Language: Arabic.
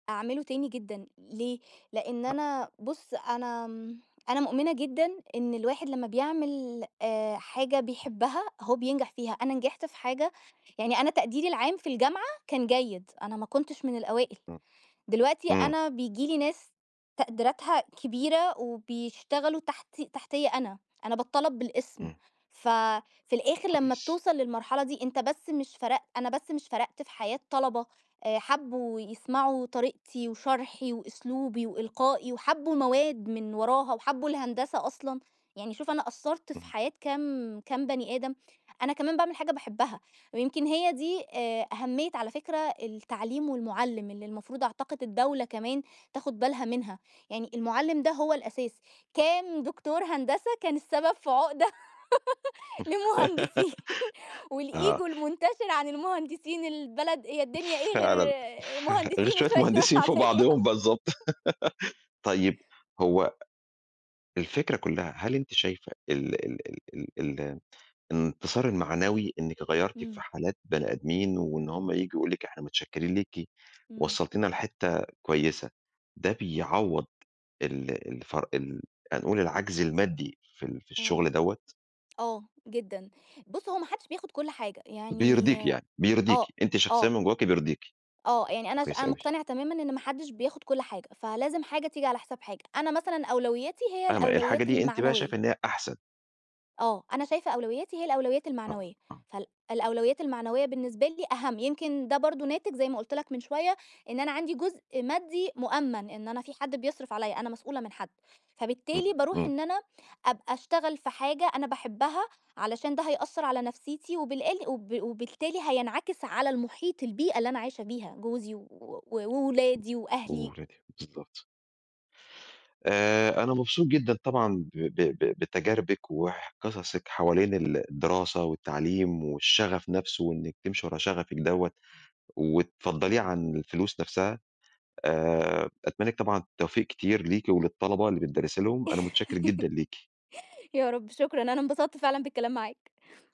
أعمله تاني جدًا، ليه؟ لإن أ أنا بُص، أنا م أنا مؤمنة جدًا إن الواحد لمّا بيعمل آآ حاجة بيحبها هو بينجح فيها. أنا نجحت في حاجة يعني أنا تقديري العام في الجامعة كان جيد، أنا ما كنتش من الأوائل. إمم. دلوقتي إمم. أنا بييجي لي ناس تقديراتها كبيرة وبيشتغلوا تحت تحتيّا أنا، أنا باتطلب بالاسم. إمم. ف في الآخر لمّا كويس. بتوصل للمرحلة دي أنت بس مش فرق أنا بس مش فرقت في حياة طلبة آآ، حبّوا يسمعوا طريقتي وشرحي وأسلوبي وإلقائي وحبّوا مواد من وراها وحبّوا الهندسة أصلًا. يعني شوف أنا أثّرت في اهم. حياة كام كام بني آدم. أنا كمان باعمل حاجة باحبها ويمكن هي دي آآ أهمية على فكرة التعليم والمُعلِّم اللي المفروض أعتقد الدولة كمان تاخد بالها منها. يعني المُعلِّم ده هو الأساس، كان دكتور هندسة كان السبب في عُقدة لمهندسين والego آه. المُنتشر عن المهندسين البلد هي الدنيا إيه فعلًا، غير فعل غير مهندسين شوية وشوية ناس مهندسين فوق عادية. بعضهم بالضبط. طيب، هو الفكرة كُلّها هل أنتِ شايفة ال ال ال ال ال الانتصار المعنوي إنِّك غيرّتِ في إمم. حالات بني آدمين وإن هم ييجوا يقولوا لِك إحنا متشكِّربين ليكِ إمم. وصّلتينا لحتّة كويسة، ده بيعوّض ال الفر ال هنقول العَجْز المادي في ال في آه. الشغل دوّة؟ آه، جدًا. بُص، هو ما حدّش بياخد كل حاجة. يعني بيرضيكِ يعني، بيرضيكِ. آه، أنتِ شخصيًا آه. من جوّاكِ بيرضيكِ. آه. يعني أنا ش كويس أنا أوي. مُقتنعة تمامًا إن ما حدّش بياخد كل حاجة، فلازم حاجة تيجي على حساب حاجة. أنا مثلًا أولويّاتي هي فاهم الحاجة الأولويّات دي أنتِ بقى المعنوية. شايفة إن هي أحسن. آه. أنا شايفة أولويّاتي هي الأولويّات آه، المعنوية. آه. فال الأولويّات المعنوية بالنسبة لي أهَم، يمكن ده برضه ناتج زي ما قُلت لك من شوية إن أنا عندي جزء مادّي مؤمَّن إن أنا في حد بيصرف عليّا أنا مسؤولة من حد، فبالتالي إمم، باروح إمم. إن أنا أبقى أشتغل في حاجة أنا باحبها علشان ده هيأثّر على نفسيتي وبالأل وب وبالتالي هينعكس على المُحيط البيئة اللي أنا عايشة بيها، جوزي و و وأولادي وأهلي. وولادِك، بالضبط. آآ أنا مبسوط جدًا طبعًا ب ب ب بتجاربِك وح قصصِك حوالين ال الدراسة والتعليم والشغف نفسه وإنِّك تمشي ورا شغفِك دوّة وتفضّليه عن الفلوس نفسها، آآ أتمنى لِك طبعًا التوفيق كتير ليكِ وللطلبة اللي بتدرّسي لهم، أنا متشكِّر جدًا ليكِ. يا رب شكرًا، أنا انبسطت فعلًا بالكلام معاك.